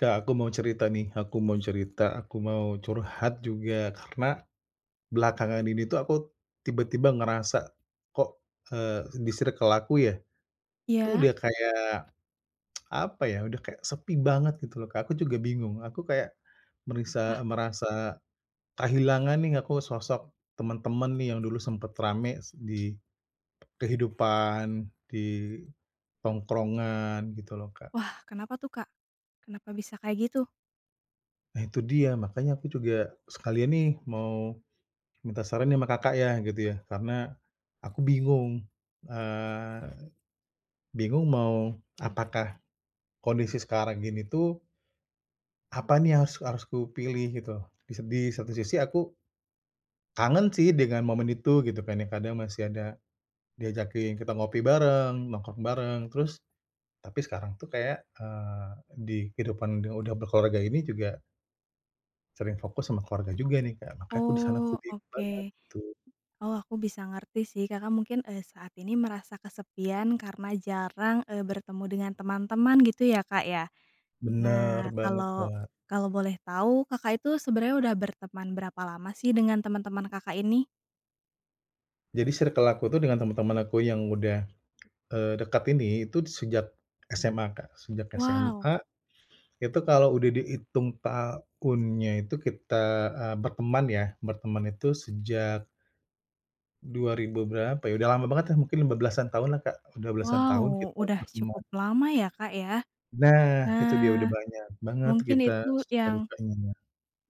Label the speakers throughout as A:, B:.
A: Kak, aku mau cerita nih, aku mau cerita, aku mau curhat juga, karena belakangan ini tuh aku tiba-tiba ngerasa kok, eee, di circle aku ya, tuh
B: Iya.
A: udah kayak apa ya, udah kayak sepi banget, gitu loh Kak. Aku juga bingung, aku kayak,
B: Wah.
A: merisa merasa kehilangan nih aku, sosok temen-temen nih yang dulu sempat ramai di kehidupan, di tongkrongan, gitu loh Kak.
B: Wah, kenapa tuh Kak? Kenapa bisa kayak gitu?
A: Nah itu dia, makanya aku juga sekalian nih mau minta saran nih sama Kakak ya, gitu ya, karena aku bingung, eee, bingung mau apakah, kondisi sekarang ini tuh apa nih yang harus harus kupilih, gitu. Di se di satu sisi aku kangen sih dengan momen itu, gitu kan ya, kadang masih ada diajakin kita ngopi bareng, nongkrong bareng, terus tapi sekarang tuh kayak, eee, di kehidupan yang udah berkeluarga ini juga Sering fokus sama keluarga juga nih, Kak, makanya aku di sana tuh
B: Oh,
A: bingung banget
B: oke.
A: gitu.
B: Oh, aku bisa ngerti sih. Kakak mungkin, eee, saat ini merasa kesepian karena jarang, eee, bertemu dengan teman-teman, gitu ya Kak ya?
A: Bener
B: Nah,
A: banget
B: kalau
A: Mbak.
B: kalau boleh tahu, Kakak itu sebenarnya udah berteman berapa lama sih dengan teman-teman Kakak ini?
A: Jadi circle aku tuh dengan temen-temen aku yang udah, eee, dekat ini itu sejak SMA Kak. Sejak
B: Wow.
A: SMA, itu kalau udah dihitung tahunnya itu kita, eee, berteman ya, berteman itu sejak dua ribu berapa ya, udah lama bangetlah, mungkin 15-an tahunlah, Kak. Udah belasan tahun
B: Wow,
A: kita
B: udah cukup
A: berteman.
B: lama ya Kak ya.
A: Nah, itu dia, udah
B: Nah,
A: banyak banget
B: mungkin
A: kita
B: itu
A: suka
B: yang
A: dukanya ya.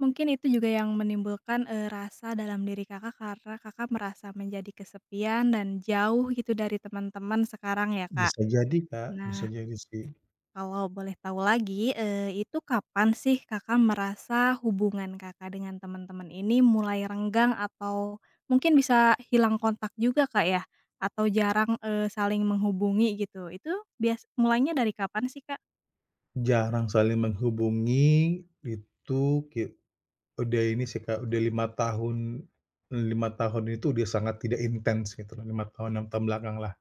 B: Mungkin itu juga yang menimbulkan, eee, rasa dalam diri Kakak karena Kakak merasa menjadi kesepian dan jauh, gitu, dari teman-teman sekarang ya, Kak.
A: Bisa jadi Kak,
B: Nah
A: bisa jadi sih.
B: kalau boleh tahu lagi, eee, itu kapan sih Kakak merasa hubungan Kakak dengan teman-teman ini mulai renggang atau, mungkin bisa hilang kontak juga Kak ya, atau jarang, eee, saling menghubungi, gitu, itu bias mulainya dari kapan sih, Kak?
A: Jarang saling menghubungi itu ki udah ini sih, Kak, udah 5 tahun 5 tahun ini tuh udah sangat tidak intens gitu loh, 5 tahun, 6 tahun belakanglah,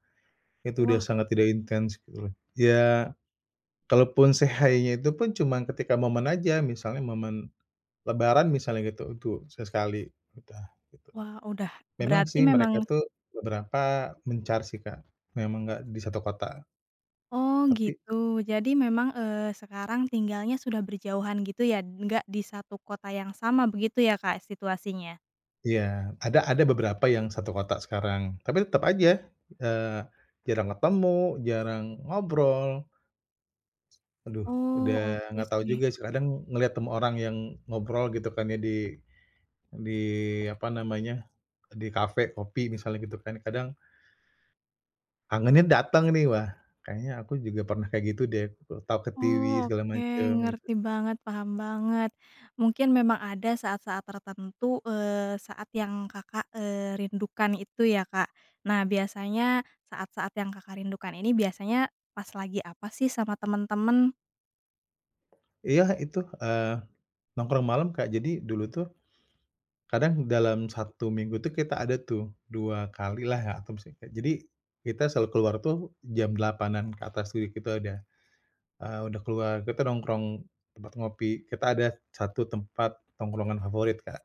A: itu udah
B: Wah.
A: sangat tidak intens gitu loh, iya, kalaupun say hi-nya itu pun cuma ketika momen aja, misalnya momen lebaran misalnya gitu. Itu sesekali udah gitu.
B: Wah, udah
A: Memang
B: berarti
A: sih mereka
B: memang
A: tuh beberapa mencar sih, Kak. Memang gak di satu kota.
B: Oh,
A: Tapi
B: gitu. Jadi memang, eee, sekarang tinggalnya sudah berjauhan gitu ya, enggak di satu kota yang sama begitu ya, Kak, situasinya?
A: Iya. Ada ada beberapa yang satu kota sekarang, tapi tetap aja, eee, jarang ketemu, jarang ngobrol. Aduh
B: Oh,
A: udah
B: oke
A: gak tahu
B: sih.
A: juga sih. Kadang ngelihat temu orang yang ngobrol gitu kan ya di di, apa namanya, di kafe kopi misalnya gitu kan, kadang kangennya datang nih, "Wah, kayaknya aku juga pernah kayak gitu deh, aku ketawa-ketiwi
B: Oh,
A: segala
B: oke
A: macam." Gitu.
B: ngerti banget, paham banget. Mungkin memang ada saat-saat tertentu, eee, saat yang Kakak, eee, rindukan itu ya, Kak. Nah biasanya saat-saat yang Kakak rindukan ini biasanya pas lagi apa sih sama teman-teman?
A: Iya, itu, eee, nongkrong malam, Kak. Jadi, dulu tuh kadang dalam 1 minggu tuh kita ada tuh, 2 kalilah ya atau misalkan jadi, kita selalu keluar tuh jam 20:00-an ke atas, jadi kita udah, eee, udah keluar, kita nongkrong tempat ngopi. Kita ada 1 tempat tongkrongan favorit, Kak.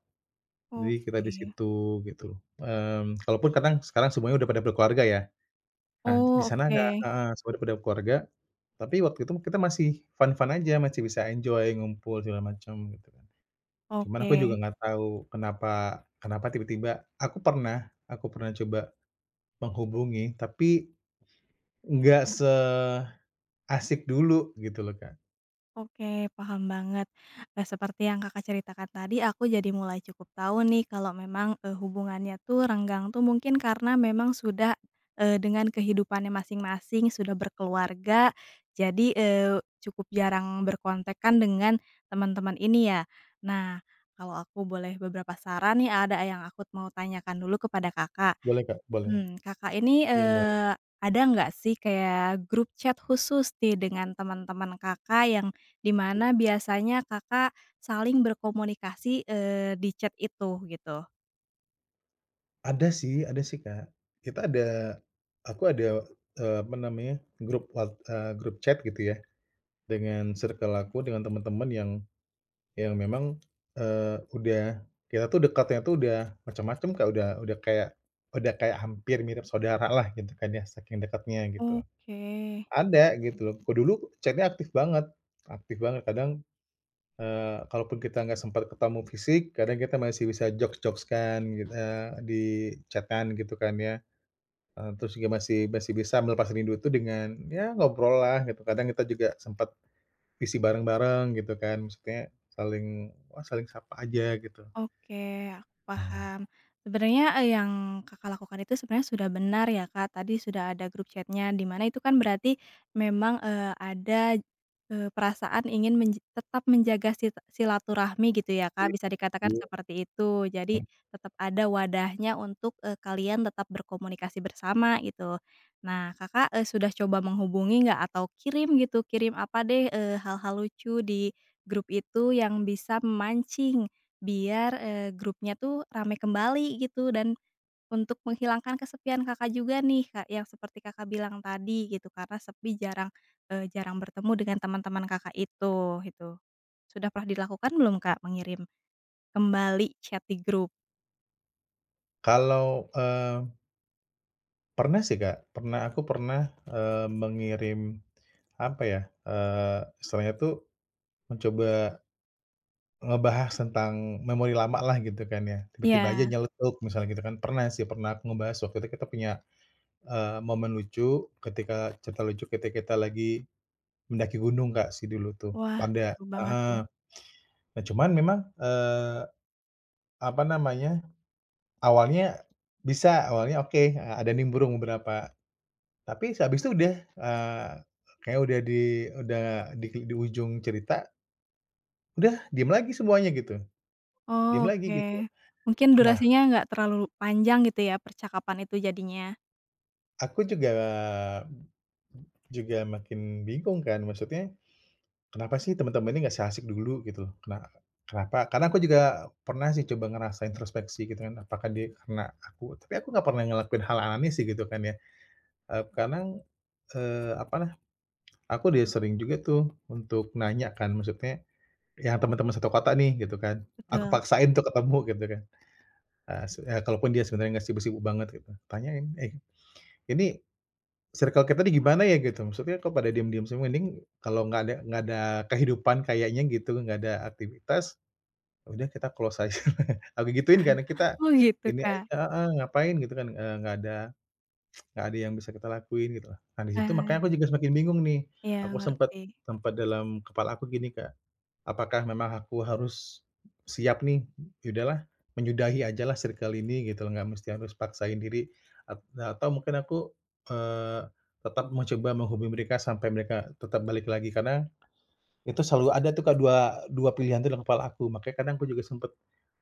A: Jadi kita di
B: Oke.
A: situ, gitu. Mmm, kalaupun kadang sekarang semuanya udah pada berkeluarga, ya. Nah, di
B: Oh,
A: sana, Kak
B: oke.
A: heeh, semua udah pada berkeluarga, tapi waktu itu mah kita masih fun-fun aja, masih bisa enjoy ngumpul segala macam, gitu kan. Cuman aku
B: Oke.
A: juga gak tahu kenapa kenapa tiba-tiba aku pernah aku pernah coba menghubungi, tapi nggak seasik dulu, gitu loh Kak.
B: Oke, paham banget. Nah, seperti yang Kakak ceritakan tadi, aku jadi mulai cukup tahu nih, kalau memang, eee, hubungannya tuh renggang tuh mungkin karena memang sudah, eee, dengan kehidupannya masing-masing, sudah berkeluarga, jadi, eee, cukup jarang berkontakan dengan teman-teman ini, ya. Nah, kalau aku boleh beberapa saran nih, ada yang aku mau tanyakan dulu kepada Kakak.
A: Boleh kak, boleh.
B: Mmm, Kakak ini,
A: Iya [unintelligible]
B: eee, ada enggak sih kayak grup chat khusus nih dengan teman-teman Kakak yang di mana biasanya Kakak saling berkomunikasi, eee, di chat itu, gitu?
A: Ada sih ada sih Kak. Kita ada aku ada, eee, apa namanya grup wat eee, grup chat gitu ya dengan circle aku dengan temen-temen yang, yang memang, eee, udah kita tuh dekatnya tuh udah macam-macam Kak. Udah udah kayak udah kayak hampir mirip saudara lah gitu kan ya saking dekatnya gitu.
B: Oke.
A: Ada gitu loh. Kalau dulu chat-nya aktif banget aktif banget. Kadang, eee, kalaupun kita enggak sempat ketemu fisik kadang kita masih bisa jokes-jokes kan gitu, eee, di chat-an gitu kan ya. Eee, terus juga masih masih bisa melepas rindu itu dengan ya ngobrol lah gitu. Kadang kita juga sempat, VC bareng-bareng gitu kan. Maksudnya saling, saling sapa aja gitu.
B: Oke, aku
A: Ah.
B: paham. Sebenarnya, e yang Kakak lakukan itu sebenarnya sudah benar ya Kak tadi sudah ada grup chat-nya di mana itu kan berarti memang, eee, ada eee, perasaan ingin menj tetap menjaga si silaturahmi gitu ya
A: I
B: Kak bisa dikatakan
A: iya.
B: seperti itu. Jadi
A: Mhm.
B: tetap ada wadahnya untuk, eee, kalian tetap berkomunikasi bersama gitu. Nah Kakak, eee, sudah coba menghubungi enggak atau kirim gitu kirim apa deh, eee, hal-hal lucu di grup itu yang bisa memancing biar, eee, grupnya tuh ramai kembali gitu dan, untuk menghilangkan kesepian Kakak juga nih Kak yang seperti Kakak bilang tadi gitu karena sepi jarang, eee, jarang bertemu dengan teman-teman Kakak itu, itu. Sudah pernah dilakukan belum Kak, mengirim kembali chat di grup?
A: Kalau, eee Pernah sih, Kak. Pernah, aku pernah, eee, mengirim, apa ya, eee, istilahnya tuh mencoba ngebahas tentang memori lama lah, gitu kan, ya. Tiba-tiba aja
B: Iya.
A: nyeletuk, misalnya gitu kan. Pernah sih, pernah, aku ngebahas waktu itu kita punya, eee, momen lucu ketika cerita lucu, kita-kita lagi mendaki gunung, Kak, sih dulu tuh.
B: Wah,
A: Panda
B: seru banget,
A: heeh,
B: tuh.
A: nah, cuman memang, eee, apa namanya, awalnya bisa, awalnya oke, a ada nimbrung beberapa, tapi sehabis itu udah, eee, kayaknya udah di udah di ujung cerita udah, diem lagi semuanya, gitu. Diem
B: Oh,
A: lagi,
B: oke,
A: gitu.
B: mungkin
A: Nah
B: durasinya enggak terlalu panjang gitu ya, percakapan itu jadinya.
A: aku juga mmm mmm, juga makin bingung kan, maksudnya, "Kenapa sih temen-temen ini enggak seasyik dulu gitu, kena kenapa?" Karena aku juga pernah sih coba ngerasain introspeksi, gitu kan, apakah dia karena aku, tapi aku enggak pernah ngelakuin hal aneh sih, gitu kan, ya. Eee, kadang, eee, apalah aku udah sering juga tuh untuk nanya kan maksudnya ya temen-temen satu kota nih, gitu kan, aku
B: Betul.
A: paksain untuk ketemu, gitu kan. Eee, s kalaupun dia sebenarnya enggak sibuk-sibuk banget, gitu. Tanyain, "Eh, ini circle kita nih, gimana ya gitu, maksudnya kok pada diem-diem semua, mending kalau enggak ada enggak ada kehidupan kayaknya gitu, enggak ada aktivitas, ya udah kita close aja". Aku gituin, karena kita
B: Oh, gitu,
A: ini
B: Kak.
A: aja heeh, ngapain gitu kan, e enggak ada enggak ada yang bisa kita lakuin, gitu loh. Nah, di situ makanya
B: Eee.
A: aku juga semakin bingung, nih,
B: Iya,
A: aku sempat
B: ngerti.
A: sempat dalam kepala aku gini, Kak "Apakah memang aku harus siap nih, e ya udahlah, menyudahi aja lah circle ini, gitu loh, gak mesti aku harus paksain diri at atau mungkin aku, eee, tetap mau coba menghubungi mereka sampai mereka tetap balik lagi" karena itu selalu ada tuh, Kak, dua dua pilihan di dalam kepala aku, makanya kadang aku juga sempat,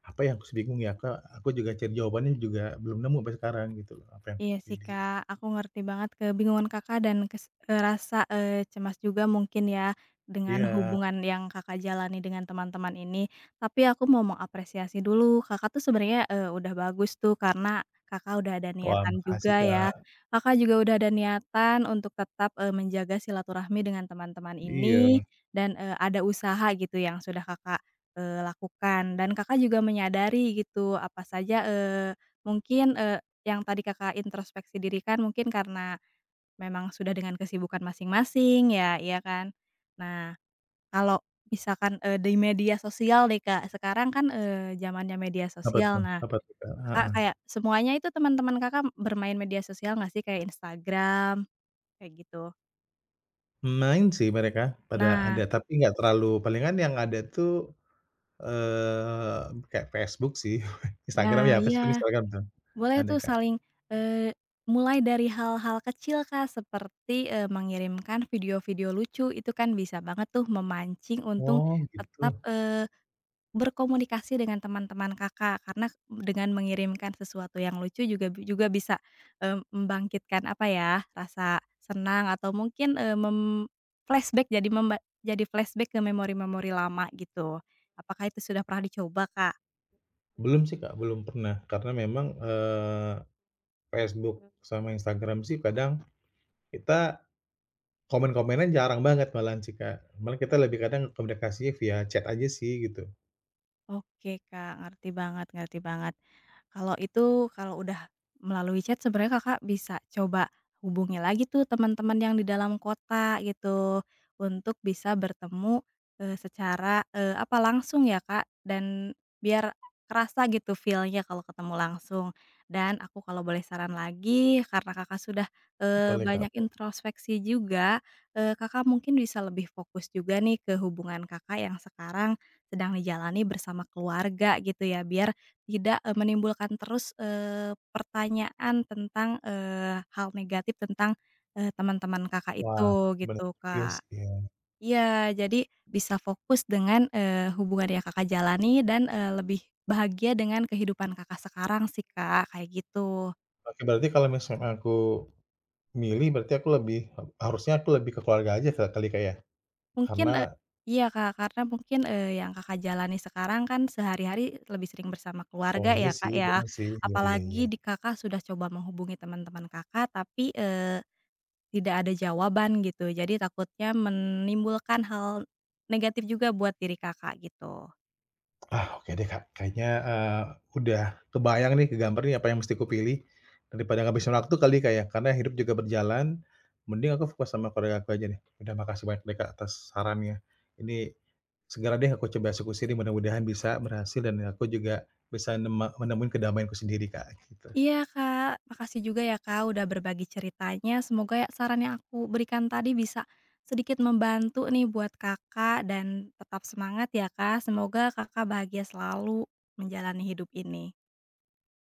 A: apa ya, aku bingung ya Kak, aku juga cari jawabannya juga belum nemu sampai sekarang, gitu loh, apa yang aku
B: Iya sih,
A: pilih.
B: Kak, aku ngerti banget kebingungan Kakak dan kes eee, rasa, eee, cemas juga mungkin ya, dengan
A: Iya.
B: hubungan yang Kakak jalani dengan teman-teman ini. Tapi aku mau mengapresiasi dulu, Kakak tuh sebenarnya, eee, udah bagus tuh, karena Kakak udah ada
A: Wah,
B: niatan
A: makasih,
B: juga, ya.
A: Kak.
B: Kakak juga udah ada niatan untuk tetap, eee, menjaga silaturahmi dengan teman-teman ini
A: Iya.
B: dan, eee, ada usaha gitu yang sudah Kakak, eee, lakukan. Dan Kakak juga menyadari gitu, apa saja, eee, mungkin, eee, yang tadi Kakak introspeksi diri kan, mungkin karena memang sudah dengan kesibukan masing-masing ya, ya kan? Nah, kalau misalkan, eee, di media sosial nih, Kak, sekarang kan, eee, zamannya media
A: Apa tuh
B: sosial, nah,
A: apa tuh, Kak?
B: Kakak
A: Heeh.
B: kayak semuanya itu teman-teman Kakak bermain media sosial enggak sih, kayak Instagram, kayak gitu?
A: Main sih, mereka pada
B: Nah.
A: ada tapi gak terlalu palingan yang ada tuh, eee, kayak Facebook sih, Instagram
B: Nah
A: ya, Facebook,
B: iya,
A: Instagram tuh,
B: boleh
A: ada
B: tuh
A: Kak.
B: saling, eee, mulai dari hal-hal kecil, Kak, seperti, eee, mengirimkan video-video lucu itu kan bisa banget tuh memancing untung
A: Oh,
B: tetap,
A: gitu.
B: eee, berkomunikasi dengan teman-teman Kakak. Karena dengan mengirimkan sesuatu yang lucu juga juga bisa, eee, membangkitkan apa ya rasa senang atau mungkin, eee, mem-flashback jadi memba jadi flashback ke memori-memori lama gitu. Apakah itu sudah pernah dicoba, Kak?
A: Belum sih, Kak, belum pernah, karena memang, eee, Facebook sama Instagram sih, kadang kita komen-komenan jarang banget malahan sih, Kak. Malah kita lebih kadang komunikasinya via chat aja sih, gitu.
B: Oke, Kak, ngerti banget ngerti banget. Kalau itu kalau udah melalui chat sebenarnya Kakak bisa coba hubungi lagi tuh teman-teman yang di dalam kota gitu untuk bisa bertemu, eee, secara, eee, apa langsung ya, Kak, dan biar kerasa gitu feel-nya kalau ketemu langsung. Dan aku kalau boleh saran lagi karena Kakak sudah, eee,
A: Boleh, Kak.
B: banyak
A: Apa?
B: introspeksi juga, eee, Kakak mungkin bisa lebih fokus juga nih ke hubungan Kakak yang sekarang sedang dijalani bersama keluarga gitu ya. Biar tidak, eee, menimbulkan terus, eee, pertanyaan tentang, eee, hal negatif tentang, eee, teman-teman Kakak
A: Wah,
B: itu
A: bener
B: gitu,
A: juga
B: Kak.
A: sih, ya.
B: Iya, jadi bisa fokus dengan, eee, hubungan yang Kakak jalani dan, eee, lebih bahagia dengan kehidupan Kakak sekarang sih, Kak, kayak gitu.
A: Oke berarti kalau misalkan aku milih, berarti aku lebih harusnya aku lebih ke keluarga aja ke kali Kak, ya?
B: Mungkin, e
A: Karena
B: iya, Kak, karena mungkin, eee, yang Kakak jalani sekarang kan sehari-hari lebih sering bersama
A: Oh,
B: keluarga
A: iya
B: ya, Kak,
A: sih,
B: ya?
A: bener sih, iya iya
B: Apalagi
A: iya.
B: di Kakak sudah coba menghubungi teman-teman Kakak tapi, eee, tidak ada jawaban gitu jadi takutnya menimbulkan hal negatif juga buat diri Kakak gitu.
A: Ah, oke deh, Kak, kayaknya, eee, udah kebayang nih ke gambar nih apa yang mesti kupilih daripada ngabisin waktu kali, Kak, ya? Karena hidup juga berjalan mending aku fokus sama keluarga aku aja deh. Udah makasih banyak deh, Kak, atas sarannya. Ini, segera deh aku coba eksekusi nih mudah-mudahan bisa berhasil dan aku juga bisa nema menemui kedamaianku sendiri Kak, gitu.
B: Iya, Kak, makasih juga ya, Kak, udah berbagi ceritanya semoga ya saran yang aku berikan tadi bisa sedikit membantu nih buat Kakak, dan tetap semangat ya Kak, semoga Kakak bahagia selalu menjalani hidup ini.